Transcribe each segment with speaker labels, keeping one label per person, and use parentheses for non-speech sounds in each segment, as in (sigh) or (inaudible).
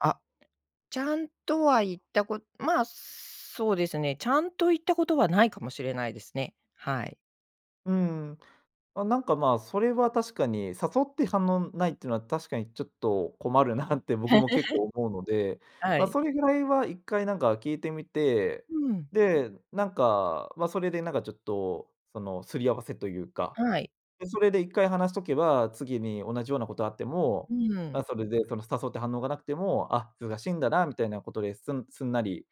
Speaker 1: あ、ちゃんとは言ったこまあ、そうですね、ちゃんと言ったことはないかもしれないですね。はい。
Speaker 2: うん、あ、なんかまあそれは確かに、誘って反応ないってのは確かにちょっと困るなって僕も結構思うので、
Speaker 1: (chuckles) は
Speaker 2: ま、
Speaker 1: い。
Speaker 2: それぐらいは一回なんか聞いてみて、
Speaker 1: うん。
Speaker 2: で、なんか、ま、それでなんかちょっと、その擦り合わせというか、
Speaker 1: はい。
Speaker 2: で、それで一回話しとけば、次に同じようなことあっても、
Speaker 1: うん。
Speaker 2: あ、それでその誘って反応がなくても、「あ、忙しいんだなみたいな」ことで、すんすんなり、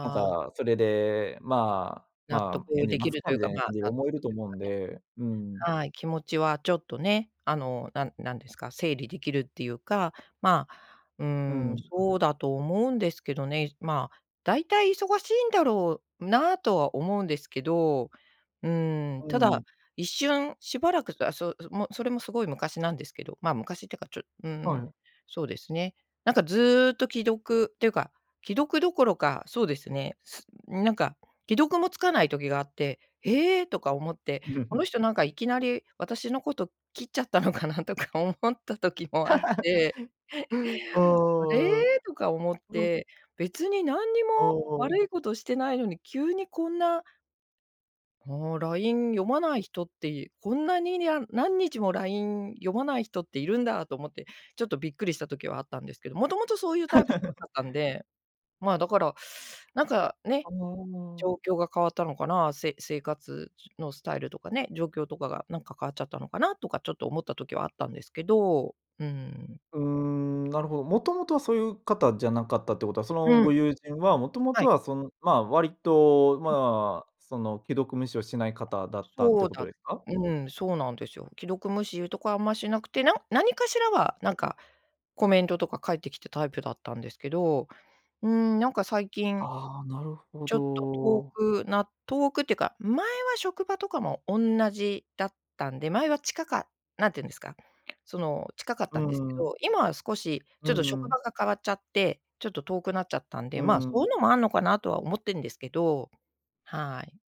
Speaker 2: なん
Speaker 1: あ。
Speaker 2: かそれで、「まあ
Speaker 1: 納
Speaker 2: ま
Speaker 1: 得
Speaker 2: あ、返事
Speaker 1: でき
Speaker 2: 待つ
Speaker 1: る
Speaker 2: か」
Speaker 1: という
Speaker 2: みた
Speaker 1: か、
Speaker 2: いな
Speaker 1: ま、
Speaker 2: 感じ
Speaker 1: 納
Speaker 2: 思え
Speaker 1: 得
Speaker 2: る
Speaker 1: という
Speaker 2: と思うんで、うー
Speaker 1: か
Speaker 2: ん。
Speaker 1: ね、はい、気持ちはちょっとね、あの、なんなんですか、整理できるっていうか、まあ、うー
Speaker 2: う
Speaker 1: ん、
Speaker 2: ん。
Speaker 1: そうだと思うんですけどね、じまあ、大体忙しいんだろうなとは思うんですけど、うー
Speaker 2: う
Speaker 1: ん、た
Speaker 2: ー
Speaker 1: だ、
Speaker 2: ん。
Speaker 1: 一瞬しばらくたすそもそれもすごい昔なんですけど、まあ昔ってか、ちょうー
Speaker 2: はい、
Speaker 1: ん、
Speaker 2: え。
Speaker 1: そうですね。なんかずっと既読っていうか、既読どころか、そうですね、すなんか、既読もつかない時があって、「ええ！？」とか思って、「こ
Speaker 2: (chuckles)
Speaker 1: の人なんかいきなり私のこと、切っちゃったのかな」とか思った時もあっ
Speaker 2: (chuckles)
Speaker 1: て
Speaker 2: う
Speaker 1: 「あ
Speaker 2: ーん、
Speaker 1: れ」とか思っ
Speaker 2: うん。
Speaker 1: て、別に何に
Speaker 2: お
Speaker 1: も
Speaker 2: お。
Speaker 1: 悪いことしてないのに、急にこんな「ほう、LINE 読まない人って、いこんなににゃん何日も LINE 読まない人っているんだ」と思って、ちょっとびっくりした時はあったんですけど、元々そういうタイプじゃか
Speaker 2: (chuckles)
Speaker 1: ったんで、まあ、だから、なんかね、
Speaker 2: あおうお。
Speaker 1: 状況が変わったのかな、せ生活じゅのスタイルとかね、状況とかがなんか変わっちゃったのかなとか、ちょっと思った時はあったんですけど、うーん。
Speaker 2: うーん、なるほど、もともとはそういう方じゃなかったってことは、その
Speaker 1: う
Speaker 2: ご
Speaker 1: ん。
Speaker 2: 友人は、もとも
Speaker 1: は
Speaker 2: と
Speaker 1: い。
Speaker 2: はその、まあ、割と、
Speaker 1: うん。
Speaker 2: まあ、その既読無視をしない方だったって
Speaker 1: そう
Speaker 2: こと
Speaker 1: だ
Speaker 2: ですか。
Speaker 1: うん、そうなんですよ。既読無視いうとこはあんましなくて、なん何かしらは、なんか、コメントとか返ってきたタイプだったんですけど、うーん、なんか最近、
Speaker 2: ああ、なるほ
Speaker 1: ちょっと遠
Speaker 2: ど。
Speaker 1: くな遠くっていうか、前は職場とかも同じだったんで、前は近かっ何て言うんですか、その、近かっ
Speaker 2: う
Speaker 1: たんですけ
Speaker 2: ーん。
Speaker 1: ど、今は少し
Speaker 2: う
Speaker 1: ちょ
Speaker 2: ー
Speaker 1: っと職
Speaker 2: ん。
Speaker 1: 場が変わっちゃって、ちょっと遠くなっちゃったんで、
Speaker 2: う
Speaker 1: まあ、そう
Speaker 2: ん。
Speaker 1: いうのもあんのかなとは思ってんですけど。はい。